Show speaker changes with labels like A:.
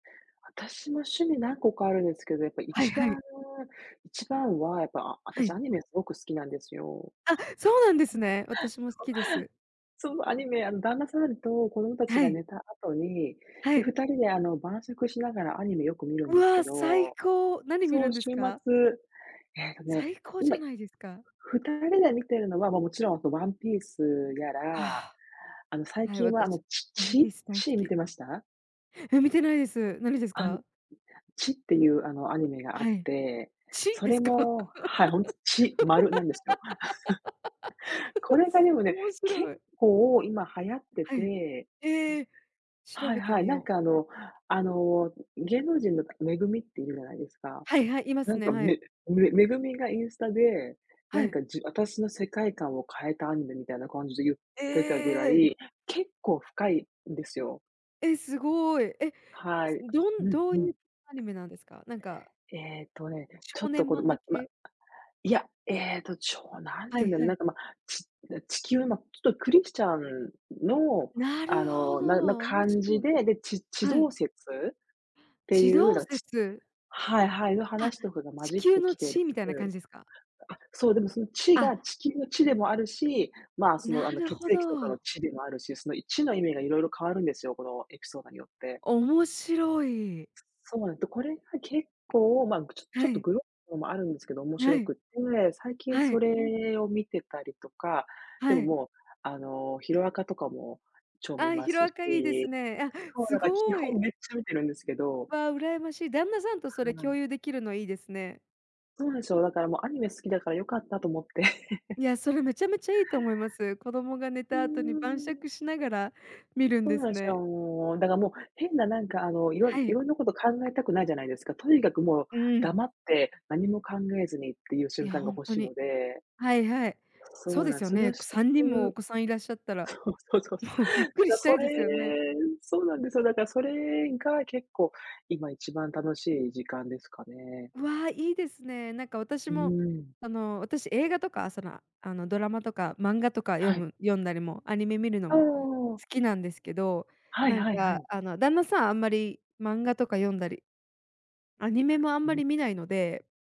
A: 私も趣味何個かあるんですけど、やっぱい
B: はい
A: ち
B: は
A: ばん
B: い。
A: 1番は、やっぱ、ああた
B: は
A: し
B: い。
A: アニメ凄く好きなんですよ。
B: あ、そうなんですね。私も好きです。
A: そうそう、アニメ。あの、旦那さんと子供達
B: は
A: が
B: い。
A: 寝た後に、
B: は
A: で、
B: い。
A: 2人で、あの、晩酌しながらアニメよく見るん
B: う
A: ですけ
B: わ、最
A: ど。
B: 高、何見
A: そ
B: るん
A: う
B: です
A: 週
B: か？
A: 末。ええとね、
B: 最高じ
A: 今、
B: ゃないですか。
A: 2人で見てるのは、ま、もちろんワンピースやら、
B: あ
A: あの、最
B: あ。はい、
A: 近は、あの、
B: 私、
A: チ
B: ワンピー
A: チ、
B: ス大好
A: チ見
B: き。
A: てました？
B: え、見てないです。何です
A: あの、
B: か？
A: チっていう、あの、アニメがあ
B: は
A: っ
B: い。
A: て、
B: チ、
A: そ
B: で
A: れ
B: すか？
A: もはい、ほんと、チ、丸なんですよ。こ れが
B: つ、
A: でもね、
B: 面
A: 結
B: 白い。
A: 構今流行って
B: はい。
A: て
B: ええ、調
A: はい
B: べて
A: はい、
B: み
A: なん
B: よう。
A: か、あのあの、ん、芸能人の MEGUMI っているじゃないですか。
B: はいはい、いま
A: な
B: す
A: ん
B: ね、
A: か、
B: はい。
A: めめ MEGUMI がインスタで、な
B: は
A: ん
B: い。
A: か、じ私の世界観を変えたアニメみたいな感じで言っ
B: え
A: てたぐら
B: え！
A: い、結構深いんですよ。
B: え、すごい。え、
A: はい。
B: ん、どん
A: うん
B: どう
A: う
B: い
A: ん。
B: うアニメなんですか？なんか
A: ええとね、ちょ
B: 少
A: っと、
B: 年
A: この、
B: 漫画
A: まま、
B: 系？
A: いや、ええと、ちょなんて
B: は
A: 言うん
B: い
A: だろ
B: は
A: う、な
B: い。
A: んかま、ちな地球のちょっとクリスチャンの、
B: な
A: あ
B: るほ
A: の、なの
B: ど、面
A: 感じ
B: 白い。
A: で、で、ち地
B: はい。
A: 動説って
B: 地
A: いう、
B: 動
A: なんチ
B: 説。
A: はいはい、の
B: あ、
A: 話とかが混
B: 地
A: じっ
B: 球
A: て
B: の
A: きてる
B: 地みたいな感じですか？
A: あ、そう、でも、そのチ
B: あ。
A: が地球のチでもあるし、まあ、その、
B: な
A: あの、
B: る
A: 血
B: ほ
A: 液とかの
B: ど。
A: チでもあるし、そのいチの意味がいろいろ変わるんですよ、このエピソードによって。
B: 面白い。
A: すそうなの。で、これが結構、ま、ぐちょちょ
B: は
A: っと
B: い。
A: グロのもあるんですけど、面
B: は
A: 白
B: い。
A: くて、最近
B: は
A: そ
B: い。
A: れを見てたりとか、で
B: は
A: も、
B: い。
A: もう、あの、ヒロアカとかも超見
B: あ、
A: ま
B: ヒロ
A: す
B: アカいいです
A: し、
B: ね。あ、
A: そう、な
B: す
A: んか基
B: ご
A: 本
B: い。
A: めっちゃ見てるんですけど。
B: わ、羨ましい。旦那さんとそれ
A: は
B: 共
A: い。
B: 有できるのいいですね。
A: そうなんすよ、だからもうアニメ好きだからよかったと思って。
B: いや、それめちゃめちゃいいと思います。子供が寝
A: うー
B: た後に晩
A: ん。
B: 酌しながら見るん
A: そん
B: で
A: な
B: す
A: んしたら、
B: ね。
A: もう、だか、もう、変な、なんか、あの、いろ
B: は
A: い
B: い。
A: ろんなこと考えたくないじゃないですか。とにかくもう
B: うーん。
A: 黙って、何も考えずにっていう
B: い
A: 瞬
B: や、
A: 間が
B: ほん
A: 欲
B: と
A: しいの
B: に。
A: で。
B: はいはい。
A: そ
B: そう
A: う
B: で
A: な
B: す
A: ん、
B: よ
A: それを
B: ね。く
A: して
B: 3人もお
A: る
B: 子さんいらっしゃったら、
A: そうそうそうそう、
B: もうゆっ
A: だ
B: くり
A: から
B: した
A: そ
B: い
A: れ
B: ですよね。
A: そうなんですよ、だからそれが結構今一番楽しい時間ですかね。
B: わあ、いいですね。なんか、私
A: うー
B: も、
A: ん。
B: あの、私映画とか、その、ああの、ドラマとか漫画とか読
A: はい。
B: む読んだりもアニメ見るの
A: お
B: も、
A: お。
B: 好きなんですけど、
A: はい
B: なん
A: はいは
B: か、
A: い。
B: あの、旦那さんあんまり漫画とか読んだり、アニメもあんまり
A: [unintelligible]
B: 見ないので。